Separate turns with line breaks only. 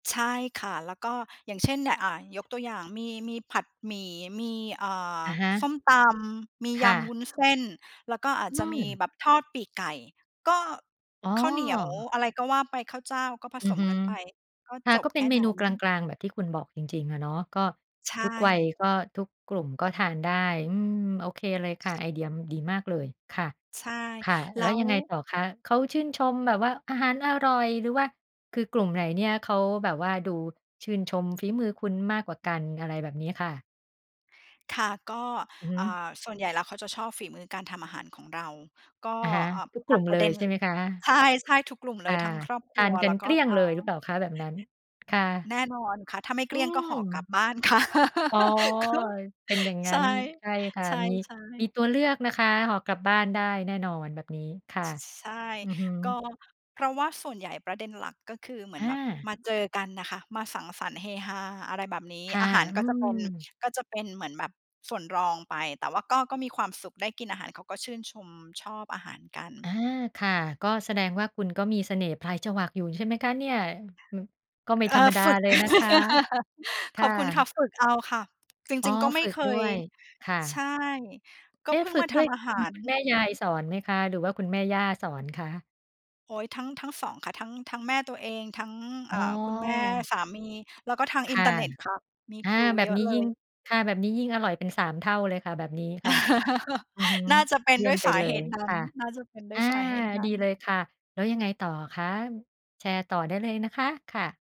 ใช่ค่ะ แล้วก็อย่างเช่น น อ่า ยกตัวอย่างมี มีผัดหมี่ มี อ่า
อะฮะ
ส้มตำ มี
ค
ย
่
ำว
ะ
ุ้นเส้น แล้วก็อาจ
อ
จะมี
ืม
แบบทอดปีกไก่ ก็
อ๋อ
ข้าวเหนียว อะไรก็ว่าไป ข้าวเจ้า ก็ผ
อ
ส
ือ
ม
ฮึ
กันไป ก็
ค่
จ
ะ ก
บ
็เ
แ
ป
ค
็น
่
เม
นั
น
้
ูกล
น
าง ๆ แบบที่คุณบอกจริง ๆ อะเนาะ ก็
ใช
ทุกวัย
่
ก็ทุกกลุ่ม ก็ทานได้ อืม โอเคเลยค่ะ ไอเดียดีมากเลยค่ะ
ใช่
ค่ะ
แล
แล
้
้ว
ว
ยังไงต่อคะ เขาชื่นชมแบบว่าอาหารอร่อย หรือว่า คือกลุ่มไหนเนี่ยเขาแบบว่าดูชื่นชมฝีมือคุณมากกว่ากัน อะไรแบบนี้ค่ะ?
ค่ะ ก็
อือฮ
อ่า
ึ
ส่วนใหญ่แล้วเขาจะชอบฝีมือการทำอาหารของเรา ก็
อะฮะ
อ
ทุกก
ต
ล
ั
ุ่
ด
ม
ป
เ
ร
ล
ะเด
ย
็น
ใช่ไหมคะ?
ใช่ ๆ ทุกกลุ่มเ
ค
ล
่
ย
ะ
ทั้งครอบค
ท
รั
าน
ว
กั
แล้
น
ว
เ
ก
ก
็
ลี้ยง
ทั
เ
้
ล
ง
ยหรือเปล่าคะ? แบบนั้น ค่ะ
แน่นอนค่ะ ถ้าไม่เ
อ
ก
ื
ลี้ยงก็ห่อกล
ม
ับบ้าน ค่ะ
อ๋อ เป็นอย่างง
ใ
ั
ช
้
่
น ใช่ค่ะ
ใช
มี
่
มี
ๆ
ตัวเลือกนะคะ ห่อกลับบ้านได้แน่นอนแบบนี้ ค่ะ
ช ใช่
อือฮ
ก็
ึ
เพราะว่าส่วนใหญ่ ประเด็นหลักก็คือเหมือ
อ
นแบบ
า
มาเจอกันน่ะค่ะ มาสังสรรค์ เฮฮา อะไรแบบนี้
ค่ะ
อาหาร
อื
ก็จะเป็น
ม
ก็จะเป็นเหมือนแบบส่วนรองไป แต่ว่าก็ ก็มีความสุข ได้กินอาหาร เขาก็ชื่นชม ชอบอาหารกั
อา
น
ค่ะ ก็แสดงว่าคุณก็มีเสน่ห์ปลายจวักอยู่ใช่ไหมคะเนี่ย? อ ก็ไม่
เอ
ธรรม
อ
ดา
ฝึก
เลยนะคะ ค
ข
่
อบคุณค่ะ
ะ
ฝึกเอาค่ะ จ
อ๋อ
ริง ๆ ก็ไม
ฝ
่
ึก
เค
ด้
ย
วยค่
ใช
ะ
่ ก็
เอ๊
เ
ะ
พิ่ง
ฝึ
ม
ก
าท
ด้วย
ำอา
ค
ห
ุณ
าร
คุณแม่ยายสอนไหมคะ หรือว่าคุณแม่ย่าสอนคะ?
โอ้ย ทั้ง ทั้ง 2 ค่ะ ทั้ง ทั้งแม่ตัวเอง ทั้ง
อ๋
อ่า คุณแม่
อ
สามี แล้วก็ทาง
ค
อิน
่ะ
เทอร์เน็ตค่ะ มี
อา
ครู
แบ
เย
บ
อ
น
ะ
ี้
เล
ยิ่ง
ย
ค่ะ แบบนี้ยิ่งอร่อยเป็น 3 เท่าเลยค่ะ แบบนี้ค่ะ อือฮึ
น่าจะเป็น
เยี่
ด
ย
้ว
ม
ย
ไป
สา
เล
เห
ย
ตุนั
ค
้น
่ะ
น่าจะเป็นด
อ
้ว
า
ยสาเหตุน
ด
ั
ี
้น
เลยค่ะ แล้วยังไงต่อคะ? แชร์ต่อได้เลยนะคะ ค่ะ